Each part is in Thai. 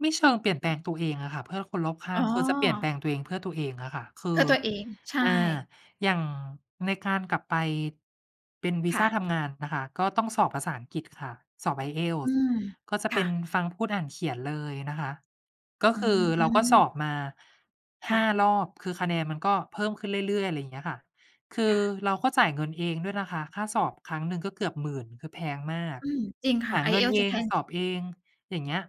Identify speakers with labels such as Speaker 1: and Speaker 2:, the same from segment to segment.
Speaker 1: ไม่เชิงเปลี่ยนแป
Speaker 2: ค
Speaker 1: ล
Speaker 2: ่ะ
Speaker 1: งตัวเองอะค่ะเพื่อคนรอบข้
Speaker 2: อ๋
Speaker 1: าง คือจะเปลี่ยนแป
Speaker 2: อ
Speaker 1: ลงตัวเองเพื่อตัวเองอะค่ะ ค
Speaker 2: เ
Speaker 1: ื
Speaker 2: พื่
Speaker 1: อ
Speaker 2: อตัวเอง ใช่
Speaker 1: อ่า อย่างในการกลับไปเป็นวี
Speaker 2: ค
Speaker 1: ซ
Speaker 2: ่
Speaker 1: ่า
Speaker 2: ะ
Speaker 1: ทำงานนะคะ ก็ต้องสอบภาษาอังกฤษค่ะ สอบ
Speaker 2: อื
Speaker 1: IELTS
Speaker 2: ม
Speaker 1: ก็จะ
Speaker 2: ค
Speaker 1: เป
Speaker 2: ่
Speaker 1: ็น
Speaker 2: ะ
Speaker 1: ฟัง พูด อ่าน เขียนเลยนะคะ ก็คือ
Speaker 2: อื
Speaker 1: เราก็ส
Speaker 2: ม
Speaker 1: อบมา
Speaker 2: ค
Speaker 1: ห
Speaker 2: ่
Speaker 1: ้า
Speaker 2: ะ
Speaker 1: รอบ คือคะแนนมันก็เพิ่มขึ้นเรื่อย ๆ ไรเงี้ยค่ะ คื
Speaker 2: ค
Speaker 1: อ
Speaker 2: ่ะ
Speaker 1: เราก็จ่ายเงินเองด้วยนะคะ ค่าสอบครั้งหนึ่งก็เกือบ 10,000 คือแพงมาก
Speaker 2: อืม จริงค่
Speaker 1: ห
Speaker 2: ะ
Speaker 1: าเงิน
Speaker 2: IELTS
Speaker 1: เอ
Speaker 2: จะแพ
Speaker 1: ง
Speaker 2: ง
Speaker 1: สอบเอง อย่างเงี้ย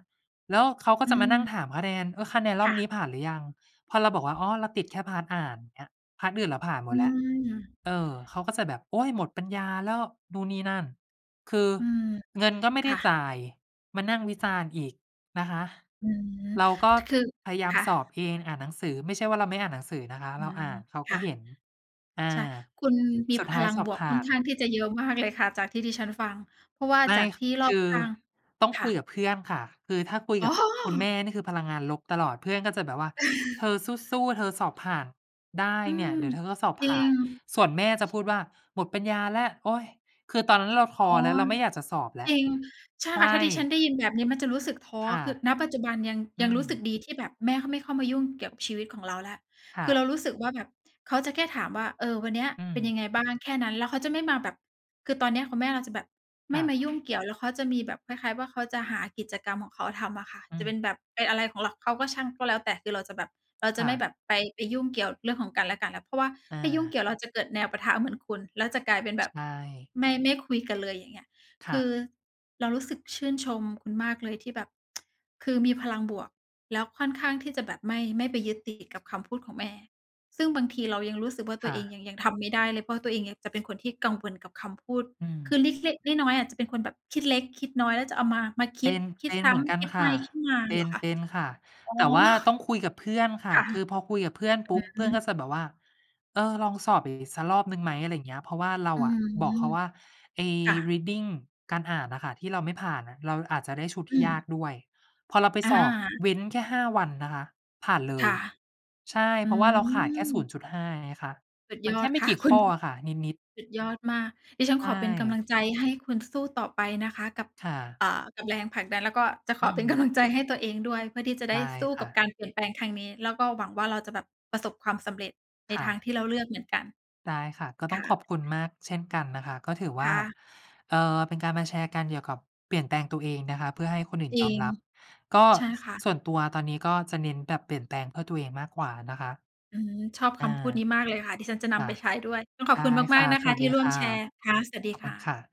Speaker 1: แล้วเขาก็
Speaker 2: อื
Speaker 1: จะมานั่ง
Speaker 2: ม
Speaker 1: ถามคะแนน "เออ คะแนนร
Speaker 2: ค
Speaker 1: อ
Speaker 2: ่
Speaker 1: บนี้
Speaker 2: ะ
Speaker 1: ผ่านหรือยัง?" พอเราบอกว่า "อ๋อ เราติดแค่ พาร์ต อ่าน เงี้ย พาร์ต อื่นเราผ่านหม
Speaker 2: อื
Speaker 1: ดแล้ว"
Speaker 2: ม
Speaker 1: เออ เขาก็จะแบบ "โอ๊ย หมดปัญญาแล้ว" นู่นนี่นั่น คือ
Speaker 2: อืม
Speaker 1: เงินก็ไม่
Speaker 2: ค
Speaker 1: ได้
Speaker 2: ่ะ
Speaker 1: จ่าย มานั่งวิจารณ์อีกนะคะ
Speaker 2: อืม
Speaker 1: เราก็
Speaker 2: คือ
Speaker 1: พยายา
Speaker 2: ค
Speaker 1: ม
Speaker 2: ่
Speaker 1: สอบ
Speaker 2: ะ
Speaker 1: เอง อ่านหนังสือ ไม่ใช่ว่าเราไม่อ่านหนังสือนะคะ
Speaker 2: อ
Speaker 1: เรา
Speaker 2: า
Speaker 1: อ่าน เขา
Speaker 2: ค
Speaker 1: ก็
Speaker 2: ่ะ
Speaker 1: เห็น อ
Speaker 2: ใ
Speaker 1: า
Speaker 2: ช่ คุณมี
Speaker 1: สุ
Speaker 2: พ
Speaker 1: ดท้า
Speaker 2: ล
Speaker 1: ย
Speaker 2: ัง
Speaker 1: สอ
Speaker 2: บ
Speaker 1: บ
Speaker 2: วก
Speaker 1: ผ
Speaker 2: ค
Speaker 1: ่
Speaker 2: ่อ
Speaker 1: า
Speaker 2: น
Speaker 1: น
Speaker 2: ข้างที่จะเยอะมากเลยค่ะจากที่ดิฉันฟัง เพราะว่า
Speaker 1: ไม
Speaker 2: จ
Speaker 1: ่
Speaker 2: ากที่รอ
Speaker 1: ค
Speaker 2: บ
Speaker 1: ือ
Speaker 2: ข้าง
Speaker 1: ต้อง
Speaker 2: ค
Speaker 1: ค
Speaker 2: ่
Speaker 1: ุย
Speaker 2: ะ
Speaker 1: กับเพื่อนค่ะ คือถ้าคุย
Speaker 2: อ๋
Speaker 1: กับคุณแม
Speaker 2: อ
Speaker 1: ่นี่คือพลังงานลบตลอด เพื่อนก็จะแบบว่า "เธอสู้ ๆ เธอสอบผ่านได้
Speaker 2: อื
Speaker 1: เนี่ย
Speaker 2: ม
Speaker 1: เดี๋ยวเธอก็สอบ
Speaker 2: จร
Speaker 1: ผ
Speaker 2: ิ
Speaker 1: ่าน"
Speaker 2: ง
Speaker 1: ส่วนแม่จะพูดว่า "หมดปัญญาแล้ว โอ๊ย" คือตอนนั้นเราท้
Speaker 2: อ
Speaker 1: อ
Speaker 2: ๋อ
Speaker 1: แล้ว เราไม่อยากจะสอบแล้
Speaker 2: จ
Speaker 1: ว
Speaker 2: ริง ใช่
Speaker 1: ใช
Speaker 2: ค่ะ ถ้าดิฉัน
Speaker 1: ่
Speaker 2: ได้ยินแบบนี้มันจะรู้สึกท้อ
Speaker 1: ค่ะ
Speaker 2: คือ ณ ปัจจุบันยัง
Speaker 1: อื
Speaker 2: ยังรู้สึก
Speaker 1: ม
Speaker 2: ดีที่แบบแม่เขาไม่เข้ามายุ่งเกี่ยวกับชีวิตของเราแล้ว
Speaker 1: ค่
Speaker 2: คือ
Speaker 1: ะ
Speaker 2: เรารู้สึกว่าแบบเขาจะแค่ถามว่า "เออ วันเนี้ย
Speaker 1: อื
Speaker 2: เป็น
Speaker 1: ม
Speaker 2: ยังไงบ้าง?" แค่นั้น แล้วเขาจะไม่มาแบบ คือตอนเนี้ยคุณแม่เราจะแบบไ
Speaker 1: ค
Speaker 2: ม่
Speaker 1: ่
Speaker 2: มา
Speaker 1: ะ
Speaker 2: ยุ่งเกี่ยว แล้วเขาจะมีแบบคล้าย ๆ ว่าเขาจะหากิจกรรมของเขาทำอะค่ะ
Speaker 1: อื
Speaker 2: จะ
Speaker 1: ม
Speaker 2: เป็นแบบไปอะไรของเรา เขาก็ช่าง ก็แล้วแต่ คือเราจะแบบ เราจ
Speaker 1: ค
Speaker 2: ะ
Speaker 1: ่
Speaker 2: ไม่
Speaker 1: ะ
Speaker 2: แบบไป ไปยุ่งเกี่ยวเรื่องของกันและกันแล้ว เพราะว่า
Speaker 1: อ
Speaker 2: ถ้ายุ่งเก
Speaker 1: า
Speaker 2: ี่ยวเราจะเกิดแนวปะทะเหมือนคุณ แล้วจะกลายเป็นแบ
Speaker 1: ใช
Speaker 2: บ
Speaker 1: ่
Speaker 2: ไม่ ไม่คุยกันเลย อย่างเงี้ย
Speaker 1: ค
Speaker 2: ค
Speaker 1: ่
Speaker 2: ื
Speaker 1: ะ
Speaker 2: อเรารู้สึกชื่นชมคุณมากเลยที่แบบ คือมีพลังบวก แล้วค่อนข้างที่จะแบบไม่ ไม่ไปยึดติดกับคำพูดของแม่ ซึ่งบางทีเรายังรู้สึกว่า ต
Speaker 1: ค
Speaker 2: ัว
Speaker 1: ่
Speaker 2: เอง
Speaker 1: ะ
Speaker 2: ยัง ยังทำไม่ได้เลย เพราะว่าตัวเองยังจะเป็นคนที่กังวลกับคำพูด
Speaker 1: อืม
Speaker 2: คือเล็ก ๆ น้อย ๆ อะจะเป็นคนแบบคิดเล็กคิดน้อย แล้วจะเอามา มาค
Speaker 1: เป
Speaker 2: ิ
Speaker 1: ็
Speaker 2: ด
Speaker 1: น
Speaker 2: ค
Speaker 1: เ
Speaker 2: ิ
Speaker 1: ป
Speaker 2: ด
Speaker 1: ็น
Speaker 2: ซ
Speaker 1: เ
Speaker 2: ้
Speaker 1: หมือนกั
Speaker 2: ำ
Speaker 1: น
Speaker 2: คิด
Speaker 1: ค
Speaker 2: ไป
Speaker 1: ่ะ
Speaker 2: คิดมา
Speaker 1: เป
Speaker 2: เห
Speaker 1: ็
Speaker 2: ร
Speaker 1: น
Speaker 2: อคะ?
Speaker 1: เป็นค่ะ
Speaker 2: อ๋อ
Speaker 1: แต่ว่าต้องคุยกับเพื่อนค่ะ
Speaker 2: ค่ะ
Speaker 1: คือพอ
Speaker 2: อ
Speaker 1: คุยกับเพื่อนปุ
Speaker 2: ื
Speaker 1: ๊บ เพื่อน
Speaker 2: ม
Speaker 1: ก็จะแบบว่า "เออ ลองสอบอีกสักรอบหนึ่งไหม" อะไรเงี้ย เพราะว่าเรา
Speaker 2: อื
Speaker 1: อะบอกเข
Speaker 2: ม
Speaker 1: าว่า ไอ้
Speaker 2: ค่ะ
Speaker 1: reading การอ่านน่ะค่ะ ที่เราไม่ผ่านอะ เราอาจจะได้ชุด
Speaker 2: อ
Speaker 1: ที
Speaker 2: ื
Speaker 1: ่ย
Speaker 2: ม
Speaker 1: ากด้วย พอเราไป
Speaker 2: อ
Speaker 1: สอบ
Speaker 2: า
Speaker 1: เว้นแค่ 5 วันนะคะ ผ่านเล
Speaker 2: ค่
Speaker 1: ย
Speaker 2: ะ
Speaker 1: ใช่
Speaker 2: อื
Speaker 1: เพราะว่าเราขาดแค่ ศู
Speaker 2: ม
Speaker 1: นย์จุดห้า ไงคะ
Speaker 2: สุด
Speaker 1: ม
Speaker 2: ย
Speaker 1: ันแ
Speaker 2: อ
Speaker 1: ค
Speaker 2: ด
Speaker 1: ่ไม
Speaker 2: ค
Speaker 1: ่
Speaker 2: ่ะ
Speaker 1: กี่
Speaker 2: คุ
Speaker 1: ข
Speaker 2: ณ
Speaker 1: ้ออะค่ะ นิด ๆ
Speaker 2: สุดยอดมาก ดิฉัน
Speaker 1: ใช
Speaker 2: ขอเป็นกำล
Speaker 1: ่
Speaker 2: ังใจให้คุณสู้ต่อไปนะคะ กับ
Speaker 1: ค่ะ
Speaker 2: เอ่อ กับแรงผลักดัน แล้วก็จะข
Speaker 1: อื
Speaker 2: อเป็น ก
Speaker 1: อ
Speaker 2: ำลัง ใจให้ตัวเองด้วย เพื่อที่จะได
Speaker 1: ได
Speaker 2: ้
Speaker 1: ้
Speaker 2: สู้
Speaker 1: ค
Speaker 2: ก
Speaker 1: ่
Speaker 2: ับ
Speaker 1: ะ
Speaker 2: การเปลี่ยนแปลงทางนี้ แล้วก็หวังว่า เราจะแบบประสบความสำเร็จใน
Speaker 1: ค่
Speaker 2: ทาง
Speaker 1: ะ
Speaker 2: ที่เราเลือกเหมือนกัน
Speaker 1: ได้ค่ะ ก็ต
Speaker 2: ค
Speaker 1: ้อง
Speaker 2: ่
Speaker 1: ขอ
Speaker 2: ะ
Speaker 1: บคุณมากเช่นกันนะคะ ก็ถือว
Speaker 2: ค
Speaker 1: ่า
Speaker 2: ่ะ
Speaker 1: เอ่อ เป็นการมาแชร์กันเกี่ยวกับเปลี่ยนแปลงตัวเองนะคะ เพื่อให้คนอื่น
Speaker 2: จร
Speaker 1: ย
Speaker 2: ิ
Speaker 1: อม
Speaker 2: ง
Speaker 1: รับ ก็
Speaker 2: ใช่ค่ะ
Speaker 1: ส่วนตัวตอนนี้ก็จะเน้นแบบเปลี่ยนแปลงเพื่อตัวเองมากกว่านะคะ
Speaker 2: อืม ชอบ
Speaker 1: อ
Speaker 2: ค
Speaker 1: า
Speaker 2: ำพูดนี้มากเลยค่ะ ดิฉันจะน
Speaker 1: ค่
Speaker 2: ำ
Speaker 1: ะ
Speaker 2: ไปใช้ด้วย ต้องขอ
Speaker 1: ได
Speaker 2: บ
Speaker 1: ้
Speaker 2: คุณ
Speaker 1: ค
Speaker 2: มา
Speaker 1: ่
Speaker 2: ก
Speaker 1: ะ
Speaker 2: ๆ นะ
Speaker 1: ส
Speaker 2: คะ
Speaker 1: วัส
Speaker 2: ที
Speaker 1: ดี
Speaker 2: ่ร่ว
Speaker 1: ค
Speaker 2: ม
Speaker 1: ่ะ
Speaker 2: แชร์ ค่ะ สวัสด
Speaker 1: ข
Speaker 2: ี
Speaker 1: อบ
Speaker 2: ค
Speaker 1: คุ
Speaker 2: ่
Speaker 1: ณ
Speaker 2: ะ
Speaker 1: ค่ะ